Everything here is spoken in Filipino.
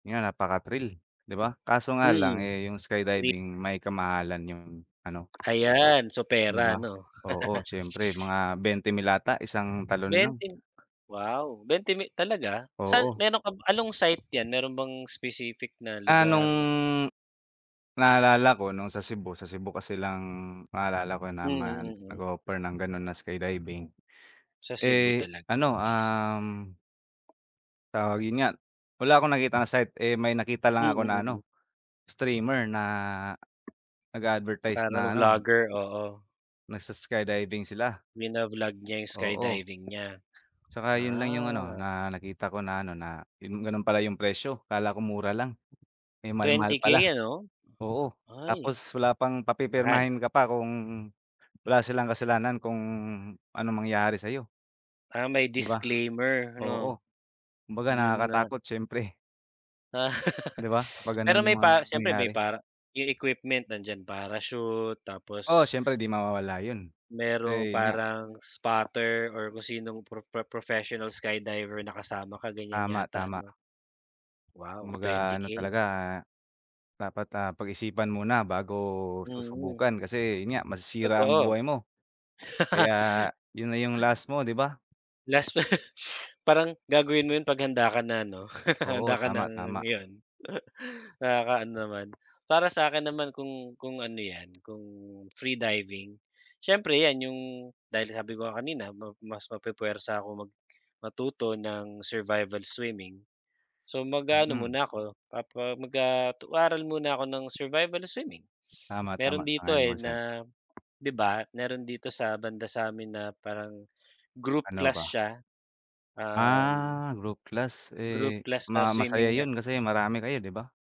Yan, napaka-thrill, 'di ba? Kaso nga lang Mhm. eh, yung skydiving Triple. may ka-mahalan yung ano Ayan. So Di pera, ba? 'no? Oo siyempre mga 20 mil ata isang talon lang. 20 mi? Wow, 20 mi talaga? San Oo. meron ka, anong site yan meron bang specific na Ah, nung, lugar? naalala ko nung sa Cebu, sa Cebu kasi lang na alala ko Mm, naman mm. nag-offer ng ganun na skydiving, Sa Cebu eh talaga ano, naisip. um tawag yun nga, wala akong nakitang site eh, may nakita lang Mm, ako na mm. ano, streamer na nag-a-advertise Parang na ano vlogger? Oo. nag-s-skydiving sila. Bina-vlog niya yung Oo. skydiving niya? Tsaka yun lang yung ano Ah. na nakita ko na ano na, yun gano'n pala yung presyo, akala ko mura lang. Eh, ang mahal-mahal 20k pala, ano? oo. Ay. Tapos wala pang, Mahal. papipirmahin ka pa kung wala silang kasalanan kung anong mangyari sa'yo. Ah, may 'Di ba? disclaimer, 'no? Oo, kumbaga Yun nga. nakakatakot siyempre. 'Di ba? Kapag ganon Pero yung may mga pa siyempre mangyayari. may para yung equipment nandiyan, parachute, Oo tapos syempre di mawawala yun, merong kasi yun nga parang spotter or kung sinong pro pro professional skydiver na kasama ka, ganyan yata Tama-tama. 'no? Wow, Kumbaga twenty ano K. talaga. Dapat, ah, pag-isipan muna bago Mm. susubukan kasi yun nga, masisira ang Totoo. buhay mo. Kaya, yun na yung last mo, 'di ba? Last pa parang gagawin mo 'yon 'pag handa ka na, 'no? Handa Oo, ka tama, nang, tama. 'yon. Nakaka-ano naman. Para sa akin naman kung kung ano 'yan kung free diving. Siyempre 'yan yung dahil sabi ko nga kanina ma mas mapu-puwersa ako mag matuto ng survival swimming. So mag-aano Mm. muna ako, papa mag ah, mag-aaral muna ako ng survival swimming. Tama, tama, Meron dito sang-ayon eh, ako diyan. na, 'di ba? Meron dito sa banda sa'min na parang group Ano class ba? siya. Um Ah, group class group eh, class tas ma masaya swimming niya yun kasi marami kayo 'di ba?